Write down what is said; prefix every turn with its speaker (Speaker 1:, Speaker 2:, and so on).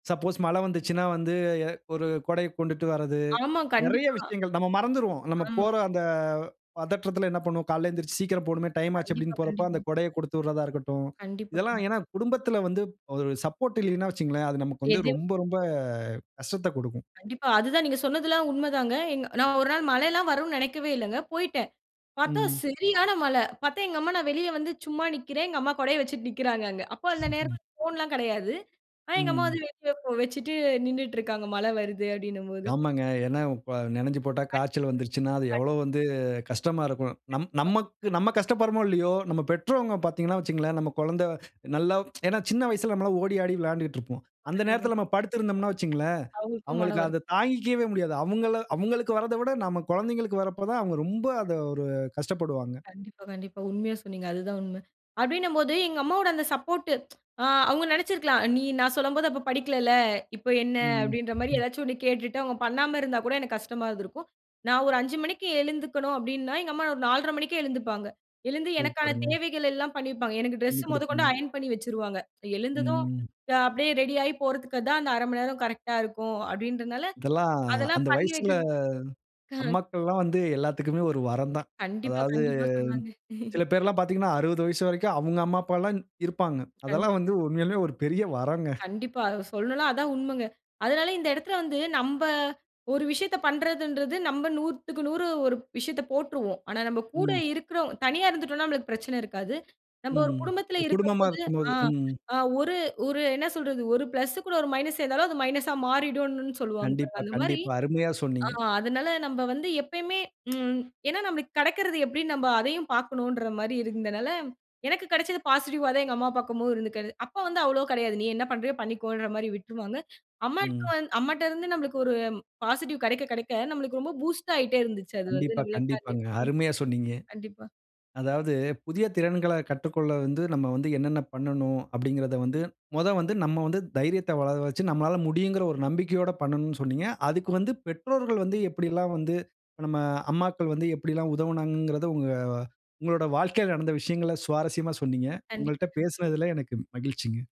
Speaker 1: Suppose மழ வந்துச்சுன்னா வந்து, எ ஒரு கொடைய கொண்டுட்டு வரது.
Speaker 2: ஆமா.
Speaker 1: நெறைய
Speaker 2: கண்டிப்பா.
Speaker 1: விஷயங்கள், நம்ம மறந்துருவோம். நம்ம
Speaker 2: ஆமா.
Speaker 1: போற அந்த பதற்றத்தில என்ன பண்ணுவோம், "காலையில எழுந்திரிச்சு சீக்கிரம் போணுமே! டைம் ஆச்சு."
Speaker 2: கண்டிப்பா,
Speaker 1: அப்பிடீன்னு போறப்ப, அந்த
Speaker 2: கண்டிப்பா.
Speaker 1: கொடையக் குடுத்து விடுறதா இருக்கட்டும்.
Speaker 2: கண்டிப்பா,
Speaker 1: இதெல்லாம்
Speaker 2: கண்டிப்
Speaker 1: ஏன்னா, குடும்பத்தில வந்து ஒரு சப்போர்ட் இல்லயின்னா வச்சுக்கங்களேன், அது நமக்கு வந்து
Speaker 2: எது?
Speaker 1: ரொம்ப, ரொம்ப
Speaker 2: [unintelligible]
Speaker 1: கஷ்டத்தைக் குடுக்கும்.
Speaker 2: கண்டிப்பா. அதுதான், நீங்க சொன்னதெல்லாம் உண்ம தாங்க. எங் நான் ஒரு நாள் மழையில்லாம் வருன்னு நெனைக்கவே இல்லங்க. போயிட்டேன். பார்த்தா
Speaker 1: ம்.
Speaker 2: செரியான மழை. பார்த்தா எங்க அம்மா, நான் வெளிய வந்து சும்மா நிக்கிறேன், எங்க அம்மா கொடைய வச்சுட்டு நிக்கிறாங்க அங்க. அப்ப அந்த
Speaker 1: [unintelligible]
Speaker 2: நேரத்தில ஃபோன்லாம் கெடையாது. ஆனா, எங்க அம்மா வந்து
Speaker 1: ம்.
Speaker 2: [unintelligible] வச்சிட்டு நின்னுட்டு இருக்காங்க, மழை வருது அப்பிடின்னும் போது.
Speaker 1: ஆமாங்க. ஏன்னா, இப்ப நனைஞ்சு போட்டா காய்ச்சல் வந்துருச்சுன்னா, அது
Speaker 2: [unintelligible]
Speaker 1: எவ்ளோ வந்து கஷ்டமா இருக்கும்? நம்
Speaker 2: கண்டிப்பா.
Speaker 1: நமக்கு நம்ம கஷ்டப்படுறோமோ! இல்லயோ! நம்ம பெற்றவுங்க பார்த்தீங்கன்னா வச்சுக்கங்களேன். நம்ம குழந்தை நல்லா ஏன்னா சின்ன வயசில நம்மல்லாம் ஓடி, ஆடி விளாண்டுட்டுருப்போம். அந்த
Speaker 2: கண்டிப்பா.
Speaker 1: நேரத்தில நம்ம படுத்திருந்தோம்ன்னா வச்சுக்கங்களேன்!
Speaker 2: அவுங்களுக்கும் மன
Speaker 1: அவுங்களுக்கு
Speaker 2: வருத்
Speaker 1: அத தாங்கிக்கவே முடியாது. அவுங்கள அவுங்களுக்கு வரத விட நம்ம குழந்தைங்களுக்கு வரப்ப தான், அவுங்க ரொம்ப அத ஒரு கஷ்டப்படுவாங்க.
Speaker 2: கண்டிப்பா, கண்டிப்பா. உண்மையா சொன்னீங்க. அதுதான் உண்ம. அப்பிடீன்னும் போது, எங்க அம்மாவோட அந்த சப்போர்ட்டு அ அவுங்க நெனைச்சுருக்கலாம், "நீ நான் சொல்லம்போது அப்ப படிக்கலல்ல, இப்ப என்ன?"
Speaker 1: ம்.
Speaker 2: அப்பிடீன்ற மாரி எதாச்சு 1 கேட்டுட்டு, அவுங்க பண்ணாம இருந்தா கூட, எனக்கு கஷ்டமா இருந்துருக்கும். "நான் ஒரு 5:00 மணிக்கு எழுந்துக்கணும்." அப்பிடீன்னா எங்க அம்மா ஒரு 4:30 மணிக்கே எழுந்துப்பாங்க. எழுந்து எனக்கான
Speaker 1: சூப்பருங்க.
Speaker 2: தேவைகளெல்லாம் பண்ணி வப்பாங்க. எனக்கு
Speaker 1: தண்ணி
Speaker 2: டிரெஸ் முதக்கொண்டு
Speaker 1: குடுப்பாங்க.
Speaker 2: அயர்ன் பண்ணி வச்சுருவாங்க. "எழுந்ததும்
Speaker 1: ம்.
Speaker 2: நான் அப்பிடியே ரெடி ஆயிப் போறதுக்கு தான் அந்த 0:30 மணி நேரம் கரெக்ட்டா இருக்கும்." அப்பிடீன்றனால,
Speaker 1: இதெல்லாம்
Speaker 2: அதெல்லாம்
Speaker 1: அந்த
Speaker 2: பண்ணி
Speaker 1: வயசுல
Speaker 2: வைக்கி ம்.
Speaker 1: அம்மாக்கள்லாம் வந்து எல்லாத்துக்குமே ஒரு வரந்தான்.
Speaker 2: கண்டிப்பா,
Speaker 1: அதாவது
Speaker 2: கண்டிப்பா. சொல்லாங்க!
Speaker 1: சில பேர்லாம் பார்த்தீங்கன்னா, 60 வயசு வரைக்கும் அவுங்க அம்மா, அப்பால்லாம் இருப்பாங்க. அதெல்லாம்
Speaker 2: கண்டிப்பா, கண்டிப்
Speaker 1: வந்து உண்மையாலுமே ஒரு பெரிய வரங்க.
Speaker 2: கண்டிப்பா. அத சொல்லலாம், அததான் உண்மைங்க. அதனால இந்த இடத்தில வந்து, நம்ப ஒரு விஷயத்த பண்றதுன்றது நம்ப 100க்கு 100 ஒரு விஷயத்த போட்டுருவோம். ஆனா நம்ப கூட
Speaker 1: ம்.
Speaker 2: இருக்கிறவ் தனியா இருந்துட்டோன்னா நம்மளுக்கு பிரச்சனை இருக்காது. நம்ப ஒரு
Speaker 1: ம்.
Speaker 2: குடும்பத்தில
Speaker 1: ஒரு குடும்பமா
Speaker 2: இருக்கும்போது,
Speaker 1: இருக்கும்போது,
Speaker 2: ஆ,
Speaker 1: ம்.
Speaker 2: ஆ ஒரு ஒரு என்ன சொல்றது? ஒரு பிளஸ்ஸு கூட ஒரு மைனஸ் சேர்ந்தாலும் அது மைனஸா மாறிடும்னுன்னு சொல்லுவாங்க பாருங்க.
Speaker 1: கண்டிப்பா,
Speaker 2: அந்தமாரி,
Speaker 1: கண்டிப்பா. அருமையா
Speaker 2: ஆ,
Speaker 1: சொன்னீங்க.
Speaker 2: அதனால நம்ப வந்து எப்பயுமே ம் ஏன்னா, நம்மளுக்கு கெடைக்கிறது எப்பிடின்னு நம்ப அதையும் பார்க்கணும்ன்றமாரி இருந்தனால, எனக்கு கெடைச்சது பாசிட்டிவ்வா தான் எங்க அம்மா பார்க்கும்போது இருந்துருக்கு அது. அப்போ வந்து அவ்வளவு கெடையாது. நீ என்ன பண்றியோ! பண்ணிக்கோன்றமாரி விட்டுருவாங்க. அம்மாக்கு
Speaker 1: ம்.
Speaker 2: வந் அம்மாட்டருந்து நம்பளுக்கு ஒரு பாசிட்டிவ் கெடைக்க, கெடைக்க, நம்மளுக்கு ரொம்ப பூஸ்ட் ஆயிட்டே இருந்துச்சு, அது வந்து
Speaker 1: கண்டிப்பா,
Speaker 2: நம்பள [unintelligible]
Speaker 1: கண்டிப்பாங்க. அருமையா சொன்னீங்க.
Speaker 2: கண்டிப்பா.
Speaker 1: அதாவது, "புதிய திறன்கள கற்றுக்கொள்ள வந்து நம்ம வந்து என்னென்ன பண்ணணும்?" அப்பிடீங்கிறத வந்து மொத வந்து நம்ம வந்து தைரியத்த வளர வச்சு நம்மளால முடியுங்கிற ஒரு நம்பிக்கையோட பண்ணணும்ன்னு சொன்னீங்க. அதுக்கு வந்து பெற்றோர்கள் வந்து எப்பிடியெல்லாம் வந்து நம்ம அம்மாக்கள் வந்து எப்பிடியெல்லாம் உதவுனாங்கங்கிறத, உங்க உங்களோட வாழ்க்கையில நடந்த விஷயங்கள சுவாரஸ்யமா சொன்னீங்க.
Speaker 2: கண்டிப்பா,
Speaker 1: உங்கள்ட்ட
Speaker 2: கண்டிப்
Speaker 1: பேசினதில எனக்கு மகிழ்ச்சிங்க.